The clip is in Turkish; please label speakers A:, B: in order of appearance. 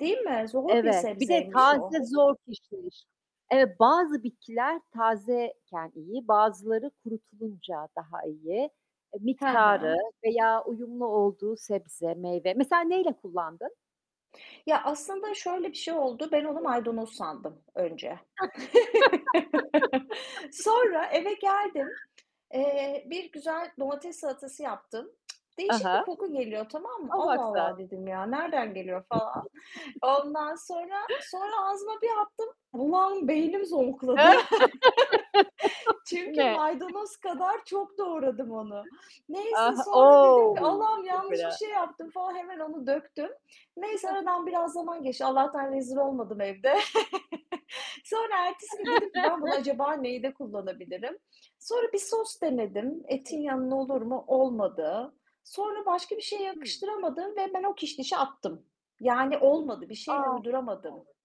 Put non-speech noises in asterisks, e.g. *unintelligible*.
A: Değil mi? Zor bir
B: Evet. Bir de
A: sebzeymiş o.
B: taze zor kişniş. Eee, bazı bitkiler tazeyken iyi, bazıları kurutulunca daha iyi, e,
A: Ha
B: miktarı
A: ha.
B: veya uyumlu olduğu sebze, meyve. Mesela neyle kullandın?
A: Ya, aslında şöyle bir şey oldu, ben onu maydanoz sandım önce. *laughs*
B: *laughs*
A: Sonra eve geldim, eee, bir güzel domates salatası yaptım. *tsk*
B: Ha
A: Değişik
B: ha,
A: bir koku geliyor, tamam mı?
B: a, bak
A: "Allah
B: sen!
A: Allah." dedim. Ya, nereden geliyor falan.
B: *chuckles*
A: Ondan sonra, sonra ağzıma bir attım, o an beynim zonkladı. *laughs*
B: *laughs* Bu
A: Çünkü
B: ne?
A: maydanoz kadar çok doğradım onu. Neyse
B: Ah,
A: sonra dedim ki,
B: o!
A: "Allah'ım
B: Çok
A: yanlış bir
B: fena.
A: şey yaptım." falan, hemen onu döktüm. Neyse
B: Ha ha.
A: aradan biraz zaman geçti. Allah'tan rezil olmadım evde. *chuckles* Sonra, ertesi gün dedim ki ben bunu acaba
B: *laughs*
A: neyde kullanabilirim. Sonra bir sos denedim,
B: Hı hı.
A: etin yanına olur mu, olmadı. Sonra, başka bir şeye
B: Hı.
A: yakıştıramadım ve ben o kişnişi attım. Yani olmadı, bir şeyle
B: A!
A: uyduramadım.
B: *unintelligible*